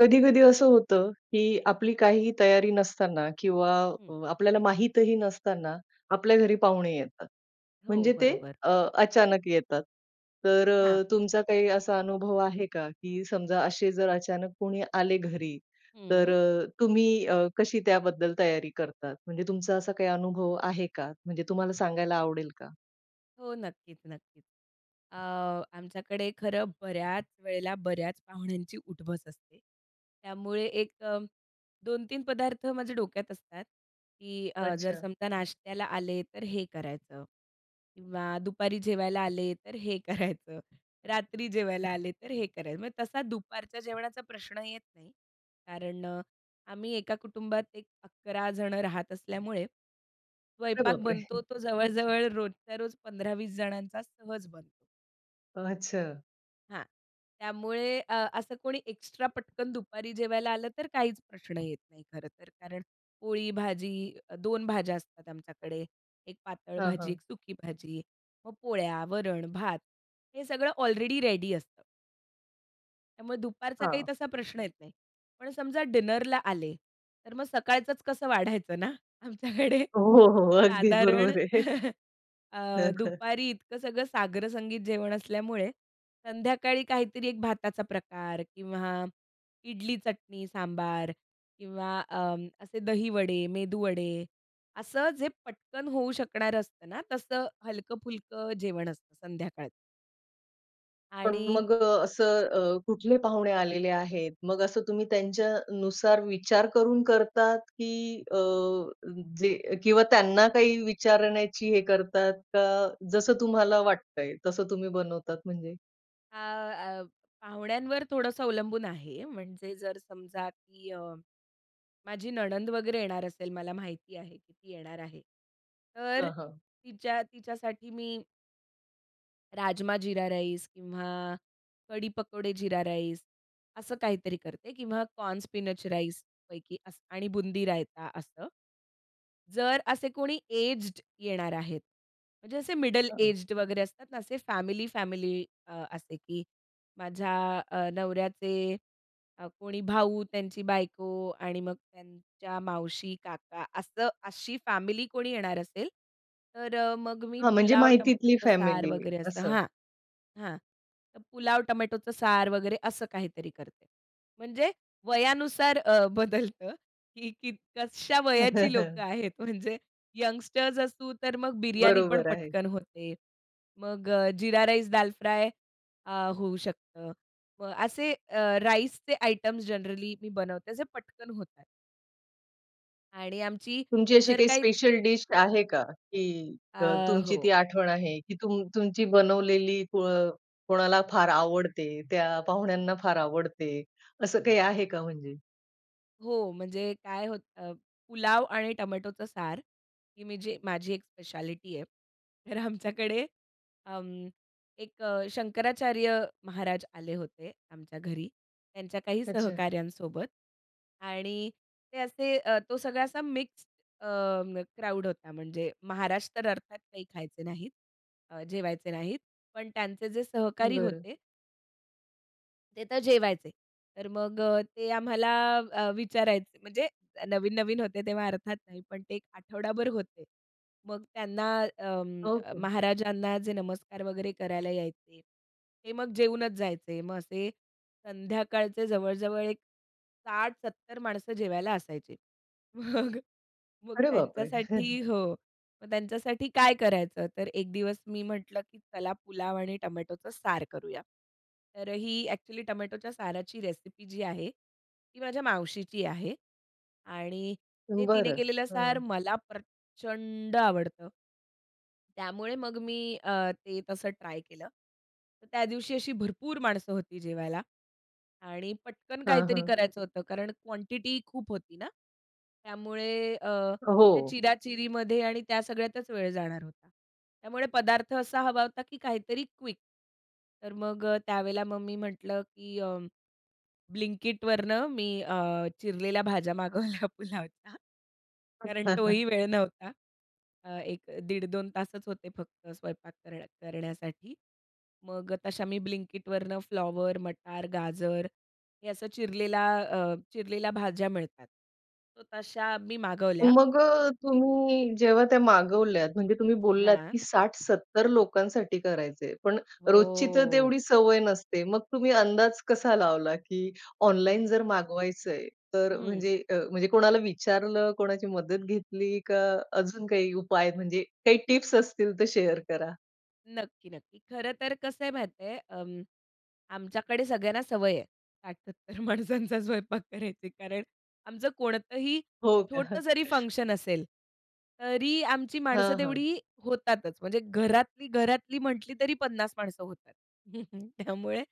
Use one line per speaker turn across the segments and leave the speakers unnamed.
कधी-कधी असं होतं की आपली काहीही तयारी नसताना किंवा
हं.
अ, आपल्याला माहितही नसताना आपल्या घरी पाहुणे येतात.
हो,
म्हणजे ते
बरोबर.
अ, अचानक येतात. तर
हां.
अ, तुमचा काही असा अनुभव आहे का? की समजा असे जर अचानक कोणी आले, घरीतर
हं.
अ, तुम्ही अ, कशी त्याबद्दल तयारी करतात? म्हणजे तुमचा असा काही अनुभव आहे का? म्हणजे तुम्हाला सांगायला आवडेल का?
हो, नक्कीच, नक्कीच. अ, आमच्याकडे खरं बऱ्याच वेळेला, बऱ्याच पाहुण्यांची, उठ-बस असते. त्यामुळे एक 2-3 पदार्थ माझ्या डोक्यात असतात की अ, जर
अच्छा.
समजा नाश्त्याला आले, तर हे करायचं किंवा दुपारी जेवायला आले, तर हे करायचं, रात्री जेवायला आले, तर हे करायचं. म्हणजे तसा दुपारच्या जेवणाचा प्रश्न येत नाही, कारण अ, आम्ही एका कुटुंबात एक 11 जण राहत असल्यामुळे,
अरे
स्वयंपाक
बापरे!
बनतो तो जवळ-जवळ रोजच्या रोज 15-20 जणांचा सहज बनतो.
अच्छा!
हां, त्यामुळे अ, असं कोणी एक्स्ट्रा पटकन दुपारी जेवायला आलं, तर काहीच प्रश्न येत नाही, खरं तर. कारण पोळी, भाजी, 2 भाज्या असतात आमच्याकडे, एक पातळ
हां,
भाजी, एक
हां.
सुकी भाजी. मग पोळ्या, वरण, भात हे सगळं ऑलरेडी रेडी असतं. मग दुपारचा काही
हां.
तसा प्रश्न येत नाही. पण समजा डिनरला आले, तर मग सकाळचंच कसं वाढायचं ना? आमच्याकडे
हो, हो. अगदी
साधारण
बरोबर आहे.
अ,
हं, हं.
दुपारी इतकं सगळं साग्रसंगीत जेवण असल्यामुळे, संध्याकाळी काहीतरी एक भाताचा प्रकार किंवा इडली-चटणी, सांबार किंवा अ, असे दहीवडे, मेदूवडे असं जे पटकन होऊ शकणारं असतं ना, तसं हलकं-फुलक जेवण असतं संध्याकाळचं.
पण
आणि
मग अ, असं अ, कुठले पाहुणे आलेले आहेत? मग असं तुम्ही त्यांच्यानुसार विचार करून करतात की अ, जे अ, किंवा त्यांना काही विचारण्याची हे करतात का? जसं तुम्हाला वाटतंय तसं तुम्ही बनवतात म्हणजे?
अ, अ, पाहुण्यांवर थोडंसं अवलंबून आहे. म्हणजे जर समजा की अ, माझी नणंद वगैरे येणार असेल, मला माहिती आहे की ती येणार आहे, तर
हां, हां.
तिच्या तिच्यासाठी मी राजमा जीरा राईस किंवा कढी पकोडे जीरा राईस असं काहीतरी करते किंवा कॉर्न स्पिनच राईस पैकी असं आणि बुंदी-रायता असं. जर असे कोणी एज्ड येणार आहेत. म्हणजे असे मिडल
हां.
एज्ड वगैरे असतात ना, असे फॅमिली-फॅमिली अ, असे, की माझ्या अ, नवऱ्याचे अ, कोणी भाऊ, त्यांची बायको आणि मग त्यांच्या मावशी, काका असं अशी फॅमिली कोणी येणार असेल, तर अ, मग मी
हां, म्हणजे
पुलाव,
माहितीतली
टोमॅटोच सार
फॅमिली,
वगैरे असं
असं.
हां, हां. तर पुलाव टोमॅटोचं सार वगैरे असं काहीतरी करते. म्हणजे वयानुसार अ, बदलतं की की कशा वयाची लोकं आहेत म्हणजे यंगस्टर्स असू, तर मग बिर्याणी पण
बरोबर आहे.
पटकन होते. मग अ, जीरा राईस, दाल फ्राय अ, होऊ शकतं. मग असे अ, राईसचे आयटम्स जनरली मी बनवते. अ, जे पटकन होतात. आणि आमची
तुमची अशी
जर
काही
काही
स्पेशल डिश आहे का, की त
अ,
तुमची ती
हो.
आठवण आहे? की तुम तुमची बनवलेली कोअ कोणाला फार आवडते, त्या पाहुण्यांना फार आवडते, असं काही आहे का म्हणजे?
हो. म्हणजे काय होतं अ, पुलाव आणि टोमॅटोचं सार. ही मी जे माझी एक स्पेशालिटी आहे. तर आमच्याकडे अं, एक अ, शंकराचार्य महाराज आले होते आमच्या घरी, त्यांच्या काही
अच्छा.
सहकाऱ्यांसोबत. आणि ते असे अ, तो सगळा असा मिक्स्ड अ, मग क्राउड होता. म्हणजे महाराज तर अर्थात काही खायचे नाहीत अ, जेवायचे नाहीत. पण त्यांचे जे सहकारी
बरं.
होते ते तर जेवायचे. तर मग अ, ते आम्हाला अ, विचारायचे. म्हणजे नवीन-नवीन होते तेव्हा अर्थात नाही पण ते 1 आठवडाभर होते. मग त्यांना अं, अ,
ओके.
महाराजांना जे नमस्कार वगैरे करायला यायचे ते मग जेवूनच जायचे. मग असे संध्याकाळचे जवळजवळ एक 60-70 माणसं जेवायला असायचे. मग, मग
अरे बापरे! हं, हं.
त्यांच्यासाठी हो, मग त्यांच्यासाठी काय करायचं. तर 1 दिवस मी म्हटलं, की "चला पुलाव आणि टोमॅटोचं सार करूया." तर ही एक्चुअली टोमॅटोच्या साराची रेसिपी जी आहे, ती माझ्या मावशीची आहे आणि ते तिने
बरं.
केलेलं सार
हां.
मला प्रचंड आवडतं. त्यामुळे मग मी अ, ते तसं ट्राय केलं. तर त्या दिवशी अशी भरपूर माणसं होती जेवायला. आणि पटकन
हां,
काहीतरी
हां.
करायचं होतं कारण क्वांटिटी खूप होती ना, त्यामुळे अ, त्या
अहो.
चिरा-चिरीमध्ये आणि त्या सगळ्यातच वेळ जाणार होता. त्यामुळे पदार्थ असा हवा होता, की काहीतरी क्विक. तर मग अ, त्यावेळेला मग मी म्हटलं, की "अं, ब्लिंकइटवरनं मी अ, चिरलेल्या भाज्या मागवल्या पुलावचा. कारण तोही वेळ नव्हता. अ, 1 दीड 2 तासच होते फक्त स्वयंपाक कर करण्यासाठी. मग अ, तशा मी ब्लिंकइटवरनं फ्लॉवर, मटार, गाजर हे असं चिरलेला अ, चिरलेल्या भाज्या मिळतात. तर तशा मी मागवल्या.
मग अ, तुम्ही जेव्हा त्या मागवल्यात. म्हणजे तुम्ही बोललात,
हां.
की 60-70 लोकांसाठी करायचंय. पण रोजची तर
हो.
तेवढी सवय नसते. मग तुम्ही अंदाज कसा लावला, की ऑनलाईन जर मागवायचंय तर
हं.
म्हणजे अ, म्हणजे कोणाला विचारलं? कोणाची मदत घेतली? का अजून काही उपाय? म्हणजे काही टिप्स असतील तर शेअर करा?
नक्की, नक्की. खरं तर कसं आहे माहिती आहे, अम, आमच्याकडे सगळ्यांना सवय आहे, 60-70 माणसांचा स्वयंपाक करायची. कारण आमचं कोणतंही
हो का?
छोटं जरी फंक्शन असेल, तरी आमची माणसं
हां, हां.
तेवढी होतातच. म्हणजे घरातली, घरातली म्हटली, तरी 50 माणसं होतात. त्यामुळे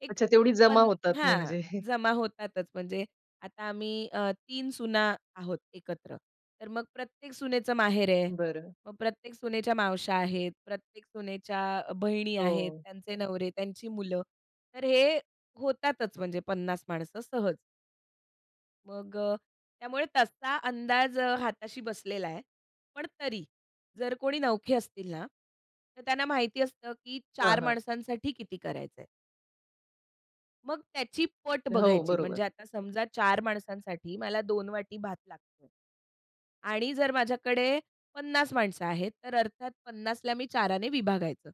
एक
अच्छा. तेवढी जमा
पन
होतात
हां,
म्हणजे.
जमा होतातच. म्हणजे आता आम्ही अ, 3 सुना आहोत एकत्र, तर मग प्रत्येक सुनेचं माहेर आहे.
बरं.
मग प्रत्येक सुनेच्या मावश्या आहेत, प्रत्येक सुनेच्या अ, बहिणी आहेत,
हो.
त्यांचे नवरे, त्यांची मुलं, तर हे होतातच, म्हणजे 50 माणसं सहज. मग अ, त्यामुळे तसा अंदाज अ, हाताशी बसलेला आहे. पण तरी जर कोणी नवखे असतील ना, तर त्यांना माहिती असतं, की 4
हां, हां.
माणसांसाठी किती करायचंय? मग त्याची पट
अ, हो,
बघायची,
बरोबर.
म्हणजे आता समजा 4 माणसांसाठी मला 2 वाटी भात लागतोय आणि जर माझ्याकडे 50 माणसं आहेत, तर अर्थात 50 ला मी 4 ने विभागायचं.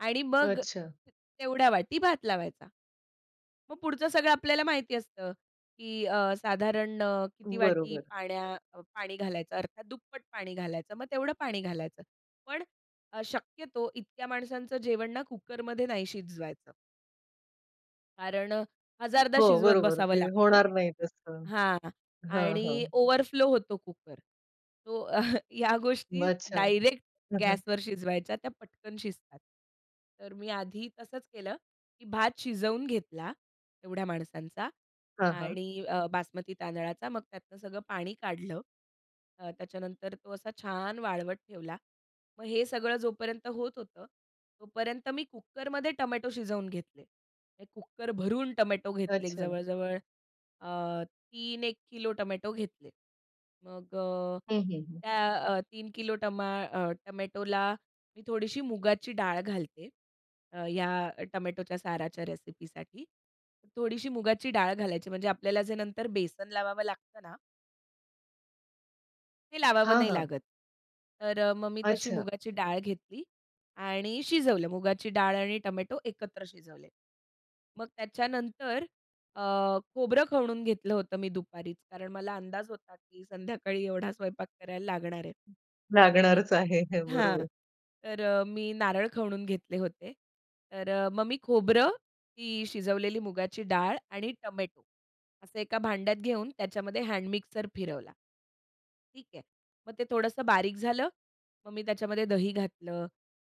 आणि मग,
अच्छा.
तेवढ्या वाटी भात लावायचा. मग पुढचं सगळं आपल्याला माहिती असतं की अ, साधारण अ, किती वाटी
बरोबर.
पाण्या पाणी घालायचं अर्थात दुप्पट पाणी घालायचं. मग तेवढं पाणी घालायचं. पण अ, शक्यतो इतक्या माणसांचं जेवण ना कुकरमध्ये नाही शिजवायचं. कारण अ, हजारदा
हो.
शिजवत
बरोबर
बसावं
ते
लागतं.
होणार नाही तसं.
हां.
हां, हां.
आणि ओव्हरफ्लो होतो कुकर तो, या गोष्टी
अच्छा.
डायरेक्ट
हं, हं.
गॅसवर शिजवायच्या त्या पटकन शिजतात. तर मी आधी तसंच केलं. की भात शिजवून घेतला. एवढ्या माणसांचा
हां, हां.
आणि अ, बासमती तांदळाचा मग त्यातनं सगळं पाणी काढलं. अ, त्याच्यानंतर तो असा छान वाळवट ठेवला. मग हे सगळं जोपर्यंत होत होतं, तोपर्यंत मी कुकरमध्ये टोमॅटो शिजवून घेतले. ते कुकरभरून टोमॅटो घेतले
अच्छा.
जवळ-जवळ अ, 3 एक किलो टोमॅटो घेतले. मग अ,
हं, हं. हं.
त्या, 3 किलो टमा अ, टोमॅटोला मी थोडीशी मुगाची डाळ घालते. अ, ह्या टोमॅटोच्या साराच्या रेसिपीसाठी. थोडीशी मुगाची डाळ घालायची म्हणजे आपल्याला जे नंतर बेसन लावावं लागतं ना हे लावावं
हां,
नाही
हां.
लागत. तर अ, मग मी तशी
अच्छा.
मुगाची डाळ घेतली आणि शिजवलं. मुगाची डाळ आणि टोमॅटो एकत्र शिजवले. मग त्याच्यानंतर अ, खोबरं खवणून घेतलं होतं मी दुपारीच, कारण मला अंदाज होता की संध्याकाळी एवढा स्वयंपाक करायला लागणार आहे. तर मी
लागणारच आहे.
हां,
बरोबर.
तर अ, मी नारळ खवणून घेतले होते. तर अ, मग मी खोबरं, ती शिजवलेली मुगाची डाळ आणि टोमॅटो, असं एका भांड्यात घेऊन त्याच्यामध्ये हॅडमिक्सर फिरवला ठीक आहे. मग ते थोडंसं बारीक झालं. मग मी त्याच्यामध्ये दही घातलं,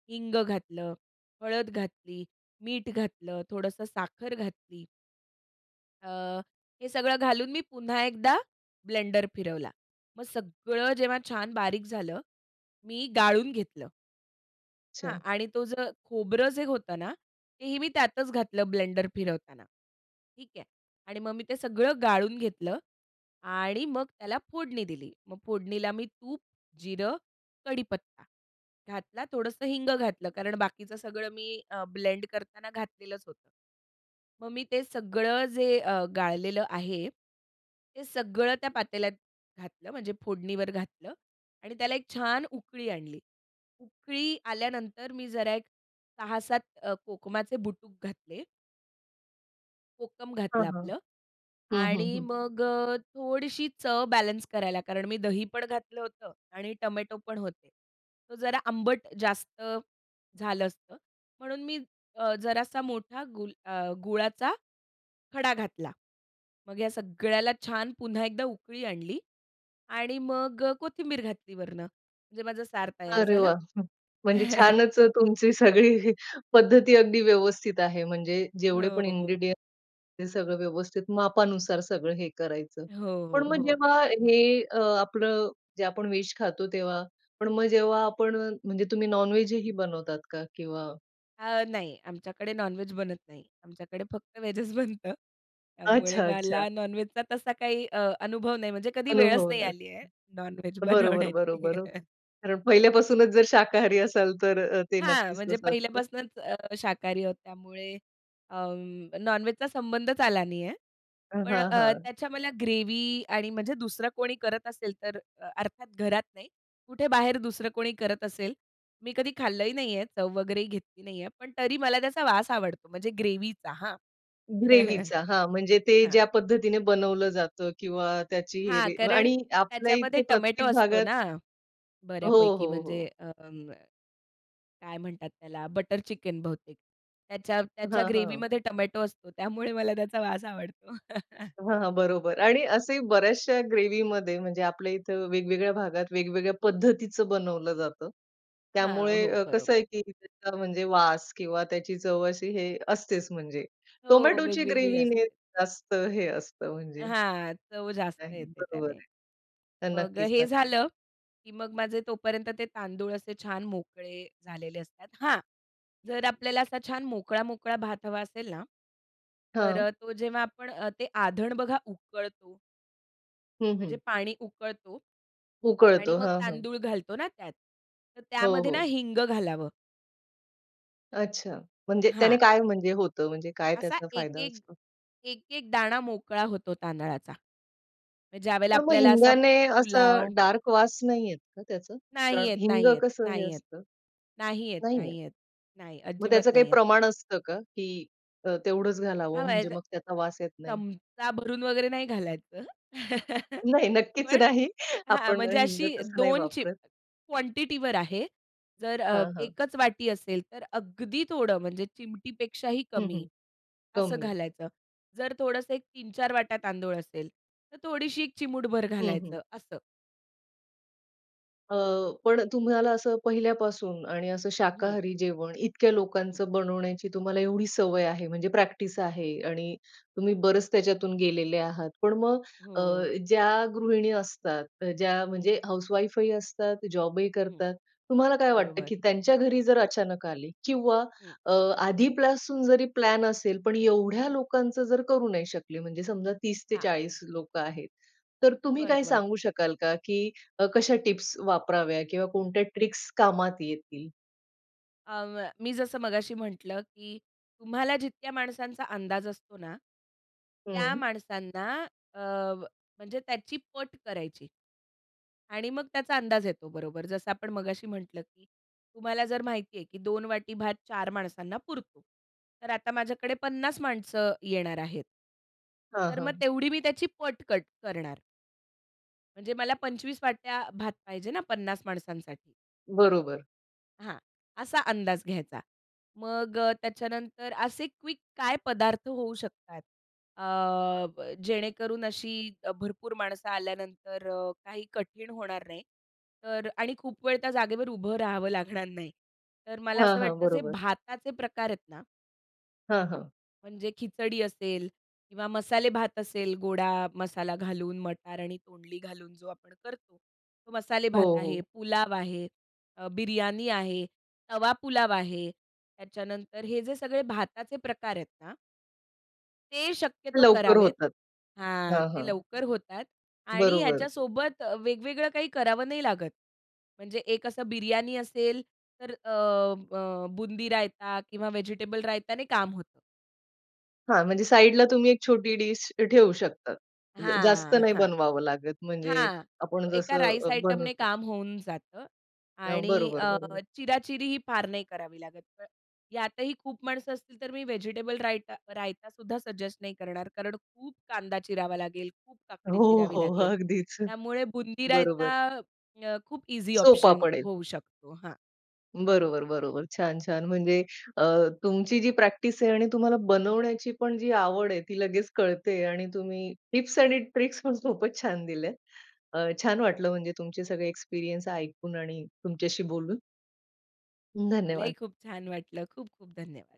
हिंग घातलं, हळद घातली, मीठ घातलं, थोडंसं साखर घातली. अ, हे सगळं घालून मी पुन्हा एकदा ब्लेंडर फिरवला. मग सगळं जेव्हा छान बारीक झालं, मी गाळून घेतलं हां?
अच्छा.
आणि तो ज खोबरं जे होत ना, तेही मी त्यातच घातलं ब्लेंडर फिरवताना, ठीक आहे? आणि मग मी ते सगळं गाळून घेतलं आणि मग त्याला फोडणी दिली. मग फोडणीला मी तूप, जिरं, कढीपत्ता घातला, थोडंसं हिंग घातलं कारण बाकीचं सगळं मी अ, ब्लेंड कराना घातलेलंच होतं. मग मी ते सगळं जे अ, गाळलेलं आहे, ते सगळं त्या पातेल्यात घातलं, म्हणजे फोडणीवर घातलं आणि त्याला एक छान उकळी आणली. उकळी आल्यानंतर, मी जरा एक 6-7 अ, कोकमाचे बुटुक घातले. कोकम
हां,
घातलं
हां.
आपलं.
हं, हं,
आणि
हं.
मग अ, थोडीशी चव बॅलन्स करायला, कारण मी दही पण घातलं होतं आणि टोमॅटो पण होते. तो जरा आंबट जास्त झालं असतं. म्हणून मी अ, जरासा मोठा गुल अ, गुळाचा खडा घातला. मग ह्या सगळ्याला छान पुन्हा एकदा उकळी आणली आणि मग अ, कोथिंबीर घातली वरुन. म्हणजे माझं सार तयार
अरे
झालं.
वाह! हं. म्हणजे छानच अ, तुमची सगळी पद्धती अगदी व्यवस्थित आहे. म्हणजे जेवढे
हो,
पण
हो.
इन्ग्रीडिएंट्स हे सगळं व्यवस्थित मापानुसार सगळं हे करायचं.
हो, हो,
पण मग
हो.
जेव्हा हे अ, आपलं, जे आपण व्हेज खातो तेव्हा पण मग जेव्हा आपण अ, म्हणजे तुम्ही नॉन-व्हेजही बनवतात का? किंवा
अ, नाही आमच्याकडे नॉन-व्हेज बनत नाही. आमच्याकडे फक्त व्हेजच बनतं. त्यामुळे
अच्छा, अच्छा.
मला नॉन-व्हेज बोलणे तसा काही अ अनुभव नाही. म्हणजे कधी वेळच नाही
अनुभवलात.
आली आहे, नॉन-व्हेज
बरोबर,
बनवण्याची.
बरोबर. अ, कारण पहिल्यापासूनच जर शाकाहारी असाल तर अ, ते
हां.
नक्कीच
म्हणजे
तसं असतं.
पहिल्यापासुनच अ, शाकाहारी आहोत. त्यामुळे अं, नॉन-व्हेजचा संबंधच आला नाही आहे.
अ,
पण
हां,
अ,
हां.
त्याच्या मला ग्रेव्ही आणि म्हणजे दुसरं कोणी करत असेल, तर अर्थात घरात नाही. कुठे बाहेर दुसरं कोणी करत असेल, मी कधी खाल्लंही नाही आहे, चव वगैरेही घेतली नाही आहे. पण तरी मला त्याचा वास आवडतो, म्हणजे ग्रेव्हीचा हां.
ग्रेव्हीचा. हां, म्हणजे ते
हां.
ज्या पद्धतीने बनवलं जातं किंवा त्याची हे
हां.
रे
कारण
आणि आपल्या
त्याच्यामध्ये
इथे
टोमॅटो
प्रत्येक
असतो
भागात
ना,
हो,
बऱ्यापैकी
हो,
म्हणजे
हो.
अ अं, काय म्हणतात त्याला बटर चिकन बहुतेक. त्याच्या त्याच्या
हां, हं.
ग्रेव्हीमध्ये टोमॅटो असतो. त्यामुळे मला त्याचा वास आवडतो.
हां, हां. बरोबर, आणि असेही बऱ्याचशा ग्रेव्हीमध्ये म्हणजे आपल्या इथं वेगवेगळ्या भागात, वेगवेगळ्या पद्धतीचं बनवलं जातं.
हां,
त्यामुळे
हो.
अ, कसं आहे,
बरोबर.
की त्याचा म्हणजे वास किंवा त्याची चव अशी हे असतेच म्हणजे.
हो,
टोमॅटोची
वेगवेगळी
ग्रेव्हीने
असते.
जास्त हे असतं म्हणजे.
हां, चव जास्त
नाही,
येते
बरोबर
त्याने.
आहे. तर
मग
नक्कीच,
हे
नक्कीच.
झालं, की मग माझे तोपर्यंत ते तांदूळ असे छान मोकळे झालेले असतात. हां, जर आपल्याला असा छान मोकळा-मोकळा भात हवा असेल ना, तर
हं.
अ, तो जेव्हा आपण ते आधण बघा उकळतो
हं,
म्हणजे
हं.
पाणी उकळतो आणि
उकळतो.
मग
हां, हां.
तांदूळ घालतो ना त्यात, तर
हो,
त्यामध्ये ना
हो.
हिंग घालावं.
अच्छा. म्हणजे त्याने
हां.
काय म्हणजे होतं म्हणजे काय
असा
त्याचा
एक,
फायदा
एक
असतो?
एक, एक दाणा मोकळा होतो तांदळाचा. म्हणजे ज्यावेळेला
पण मग
आपल्याला असा
हिंगाने
पुलाव
असं डार्क वास नाही येत का त्याचं,
नाही
कारण
येत,
हिंग
नाही येत,
कसं हे
नाही येत,
असतं?
नाही येत,
नाही येत.
नाही येत, नाही.
मग
अजिबात
त्याचं काही
नाही येत.
प्रमाण असतं का की अ, तेवढंच
हां
घालावं म्हणजे
[unintelligible]
मग त्याचा वास येत नाही?
चमचा भरून वगैरे नाही घालायचं.
नाही, नक्कीच
पण
नाही,
हां,
आपण अ,
म्हणजे
हिंग
अशी
तसं नाही
2
वापरत.
चिमु क्वॉन्टिटीवर आहे. जर अ,
हां, हां.
एकच वाटी असेल तर, अगदी थोडं म्हणजे चिमटीपेक्षाही
हं,
कमी
हं.
असं
कमी.
घालायचं. जर थोडंसं एक 3-4 वाटया तांदूळ असेल, तर थोडीशी एक चिमूटभर
हं, हं.
घालायचं असं.
अ, पण तुम्हाला असं पहिल्यापासून आणि असं
हं.
शाकाहारी जेवण इतक्या
हं.
लोकांचं बनवण्याची तुम्हाला एवढी सवय आहे, म्हणजे प्रॅक्टिस आहे, आणि तुम्ही बरेच त्याच्यातून गेलेले आहात. पण मग अ,
हो.
ज्या गृहिणी असतात, ज्या
हं.
म्हणजे हाउस वाईफही असतात, जॉबही
हं.
करतात, तुम्हाला काय वाटतं
बरोबर.
की त्यांच्या घरी जर अचानक आले किंवा
हं.
अ, आधीपासून जरी प्लॅन असेल, पण एवढ्या लोकांचं जर करू नाही शकले, म्हणजे समजा तीस ते
हां.
चाळीस लोकं आहेत, तर तुम्ही काय
बरोबर.
सांगू शकाल का, की कशा टिप्स वापराव्या किंवा कोणत्या ट्रिक्स कामात येतील?
अं, व्य मी जसं मगाशी म्हटलं, की तुम्हाला जितक्या माणसांचा अंदाज असतो ना, त्या
हं.
माणसांना अ, व म्हणजे त्याची पट करायची. आणि मग त्याचा अंदाज येतो बरोबर, जसं आपण मगाशी म्हटलं, की तुम्हाला जर माहिती आहे, की 2 वाटी भात 4 माणसांना पुरतो. तर आता माझ्याकडे 50 माणसं येणार आहेत.
हां,
तर मग
हां.
तेवढी मी त्याची पट कट करणार. म्हणजे मला 25 वाट्या भात पाहिजे ना 50 माणसांसाठी.
बरोबर.
हां. असा अंदाज घ्यायचा. मग अ, त्याच्यानंतर असे क्विक काय पदार्थ होऊ शकतात? अ, ब, जेणेकरून अशी भरपूर माणसं आल्यानंतर अ, काही कठीण होणार नाही. तर आणि खूप वेळ त्या जागेवर उभं राहावं लागणार नाही. तर मला
हां,
असं
हां.
वाटतं जे
बरोबर.
भाताचे प्रकार आहेत ना?
हां, हां.
म्हणजे खिचडी असेल किंवा मसाले भात असेल, गोडा मसाला घालून मटार आणि तोंडली घालून जो आपण करतो. तो मसाले
हो,
भात आहे,
हो.
पुलाव आहे, अ, बिर्याणी आहे, तवा पुलाव आहे. त्याच्यानंतर हे जे सगळे भाताचे प्रकार आहेत ना ते शक्यतो
लवकर
करावेत
होतात.
हां.
हां,
ते
हां.
लवकर होतात. आणि
बरोबर.
ह्याच्यासोबत अ, वेगवेगळं काही करावं नाही लागत. म्हणजे एक असं बिर्याणी असेल, तर अ, अ, बुंदी रायता किंवा व्हेजिटेबल रायताने काम होतं.
हां. म्हणजे साइडला तुम्ही एक छोटी डिश ठेवू शकता. ज जास्त
हां, हां,
नाही
हां,
बनवावं लागत म्हणजे
हां.
आपण
तो एका
जसं
राईस
अ,
आयटमने
बनवतो.
काम होऊन जातं.
अ,
आणि
बरोबर.
अ,
बरोबर.
चिराचिरी ही फार नाही करावी लागत. पण यातही खूप माणसं असतील, तर मी व्हेजिटेबल रायता रायता सुद्धा सजेस्ट नाही करणार. कारण खूप कांदा चिरावा लागेल, खूप काकडी
हो,
चिरावी
हो.
लागेल.
अगदीच.
त्यामुळे बुंदी रायता
बरोबर.
अ, खूप ईझी
सोपा
ऑप्शन
पडेल.
होऊ शकतो हां.
बरोबर, बरोबर. छान, छान. म्हणजे अ, तुमची जी प्रॅक्टिस आहे आणि तुम्हाला बनवण्याची पण जी आवड आहे ती लगेच कळते आणि तुम्ही टिप्स आणि ट्रिक्सपण खूपच छान दिलेत. अ, छान वाटलं म्हणजे तुमचे सगळे एक्सपिरियन्स ऐकून आणि तुमच्याशी बोलून.
मलाही
धन्यवाद.
खूप छान वाटलं. खूप खूप धन्यवाद.